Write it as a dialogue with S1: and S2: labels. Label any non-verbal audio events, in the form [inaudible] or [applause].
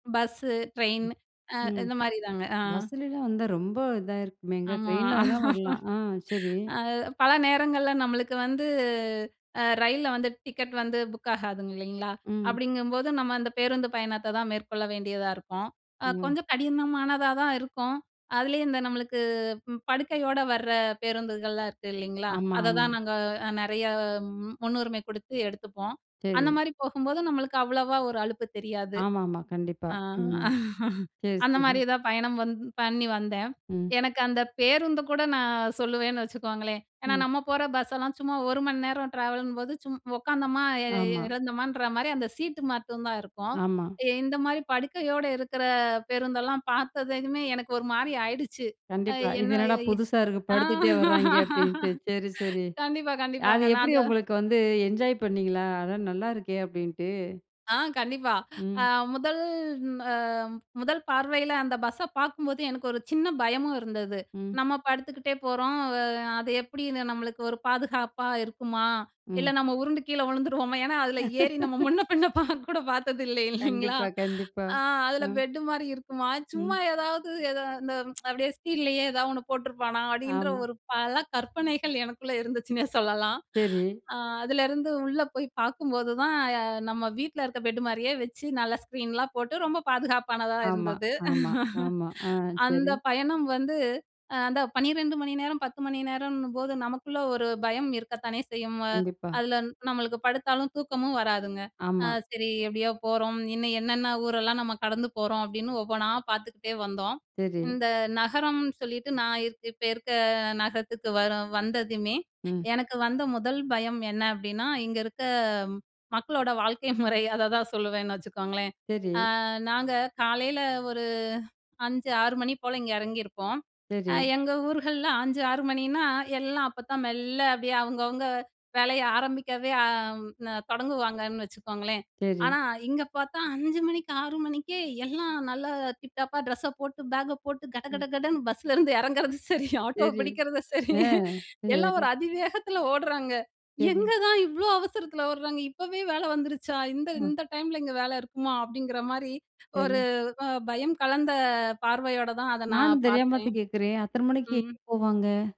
S1: Bus, train அ
S2: ம்
S1: இந்த மாரிதாங்க அ.
S2: பஸ்லலாம் வந்தா, ரொம்ப இதாயிருக்குமேங்க
S1: ஆமா.
S2: ட்ரெயின்ல வேணா
S1: [laughs]
S2: வரலாம். ஆ! செரி.
S1: அது பல நேரங்கள்ல நம்மளுக்கு வந்து, அ ரயில்ல வந்து டிக்கெட் வந்து புக் ஆகாதுங்க இல்லங்களா?
S2: ம்.
S1: அப்டிங்கும்போது நம்ம அந்த பேருந்து பயணத்த தான் மேற்கொள்ள வேண்டியதா இருக்கும், ஆ
S2: ம்.
S1: கொஞ்சம் கடினமானதா தான் இருக்கும். அதுலயும் இந்த நம்மளுக்கு படுக்கையோட வர பேருந்துகள்லாம் இருக்கு இல்லிங்களா?
S2: ஆமாமா.
S1: அததான் நாங்க அ நெறய அ முன்னுரிமை கு டுத்து எடுத்துப்போம். அந்த
S2: சரி.
S1: மாரி போகும்போது நம்மளுக்கு அவ்வளோவா ஒரு அலுப்பு தெரியாது.
S2: ஆமாமா கண்டிப்பா,
S1: அ
S2: ம்.
S1: [chuckles]
S2: சரி,
S1: அந்த
S2: சரி.
S1: மாரி தான் பயணம் வந்து பண்ணி வந்தேன்.
S2: ம்.
S1: எனக்கு அந்த பேருந்து கூட நான் சொல்லுவேன்னு வச்சுக்கோங்களேன், ஏன்னா
S2: ம்.
S1: நம்ம போற பஸ்ஸெல்லாம், சும்மா 1 மணி நேரம் ட்ராவலும்போது. சும் உக்காந்தோமா, எ
S2: ஆமா.
S1: இறந்தோமன்ற மாரி அந்த சீட்டு மட்டும் தான் இருக்கும்.
S2: ஆமா.
S1: இந்த மாரி படுக்கையோட இருக்குற பேருந்தெல்லாம் பாத்ததுமே, எனக்கு ஒரு மாரி ஆயிடுச்சு, அ
S2: கண்டிப்பா, இது
S1: என்ன
S2: என்னடா
S1: எ?
S2: புதுசா இருக்கு? படுத்துட்டே வராய்ங்க அப்டின்ட்டு,
S1: [laughs]
S2: சரி சரி.
S1: கண்டிப்பா,
S2: அது
S1: கண்டிப்பாங்க. நான்
S2: எப்டி
S1: அந்த
S2: உங்களுக்கு வந்து, என்ஜாய் பண்ணீங்களா? அட நல்லா இருக்கே அப்டின்ட்டு.
S1: ஆ கண்டிப்பா. அ
S2: ம்.
S1: முதல் அ முதல் பார்வயில அந்த பஸ்ஸ பாக்கும்போது எனக்கு ஒரு சின்ன பயமும் இருந்தது.
S2: ம்.
S1: நம்ம படுத்துக்கிட்டே போறோம், அ அது எப்டின்னு நம்மளுக்கு ஒரு பாதுகாப்பா இருக்குமா? இல்ல
S2: ம்.
S1: நம்ம உருண்டு கீழ வுழுந்துருவோமா? ஏன்னா அதுல ஏறி நம்ம
S2: [laughs]
S1: முன்ன பின்ன கூட பாக்க பாத்தது இல்ல இல்லிங்களா?
S2: கண்டிப்பா, கண்டிப்பா,
S1: அ, அதுல
S2: ம்.
S1: பெட்டு மாரி இருக்குமா? சும்மா
S2: ம்.
S1: ஏதாவது எத இந்த [tsk] அப்டியே ஸ்பீட்லயே ஏதாவது ஒன்ணு போட்ருப்பானா? அப்டின்ற
S2: ஆமா.
S1: ஒரு பல கற்பனைகள் எனக்குள்ள [chuckles] இருந்துச்சுன்னே சொல்லலாம்.
S2: சரி.
S1: அ அதுலருந்து உள்ள போய் பாக்கும்போது தான், நம்ம வீட்டுல இருக்க பெட் மாரியே வச்சு நல்ல ஸ்க்ரீன்லாம் போட்டு, ரொம்ப பாதுகாப்பானதா
S2: ஆமா,
S1: இருந்தது.
S2: ஆமா, ஆமா. ஆ,
S1: [chuckles] அந்த
S2: சரி.
S1: பயணம் வந்து அ அந்த 12 மணி நேரம், 10 மணி நேரம்ன்னும்போது நமக்குள்ள ஒரு பயம் இருக்கத்தானே செய்யும்.
S2: கண்டிப்பா.
S1: அதுல நம்மளுக்கு படுத்தாலும் தூக்கமும் வராதுங்க, அ
S2: ஆமா.
S1: சரி எப்டியோ போறோம், இன்னும் என்னென்ன ஊரெல்லாம் நம்ம கடந்து போறோம், அப்டின்னு ஒவ்வொன்னா பாத்துக்கிட்டே வந்தோம்.
S2: சரி.
S1: இந்த நகரம்னு சொல்லிட்டு நான் இப் இப்ப இருக்க நகரத்துக்கு வர வந்ததுமே
S2: ம்.
S1: எனக்கு வந்த 1ல் பயம் என்ன அப்டின்னா, இங்க இருக்க மக்களோட வாழ்க்கை முறை அததான் சொல்லுவேன்னு வச்சுக்கோங்களேன்.
S2: சரி.
S1: அ, நாங்க காலையில ஒரு 5, 6 மணி போல இங்க எறங்கியிருப்போம்.
S2: சரி.
S1: எங்க ஊர்கள்ல 5, 6 மணின்னா, எல்லா அப்போதான் மெல்ல அப்டியே அவங்கவங்க வேலைய ஆரம்பிக்கவே அ தொடங்குவாங்கன்னு வச்சுக்கோங்களேன்.
S2: சரி.
S1: ஆனா இங்க பாத்தா 5 மணிக்கு 6 மணிக்கே எல்லாம் நல்லா, டிப் டாப்பா ட்ரெஸ்ஸ போட்டு பேக்க போட்டு,
S2: ம்.
S1: கடகடகடன்னு பஸ்ஸுலருந்து இறங்குறதும் சரி, ஆட்டோ
S2: சரி.
S1: பிடிக்கிறதும் சரி.
S2: ஆ
S1: எல்லா
S2: சரி.
S1: ஒரு அதிவேகத்துல ஓடுறாங்க.
S2: சரி.
S1: எங்க தான் இவ்ளோ அவசரத்துல ஓட்றாங்க இப்போவே வேல வந்துருச்சா? இந்த
S2: ம்.
S1: இந்த டைம்ல இங்க வேல இருக்குமா? அப்டிங்குற மாரி
S2: சரி.
S1: ஒரு அ பயம் கலந்த பார்வையோட தான் அத
S2: நானும்
S1: நான்
S2: தெரியாம
S1: பாத்தேன்,
S2: தான் கேக்குறேன் அத்தன மணிக்கு எங்க
S1: ம்.
S2: போவாங்க?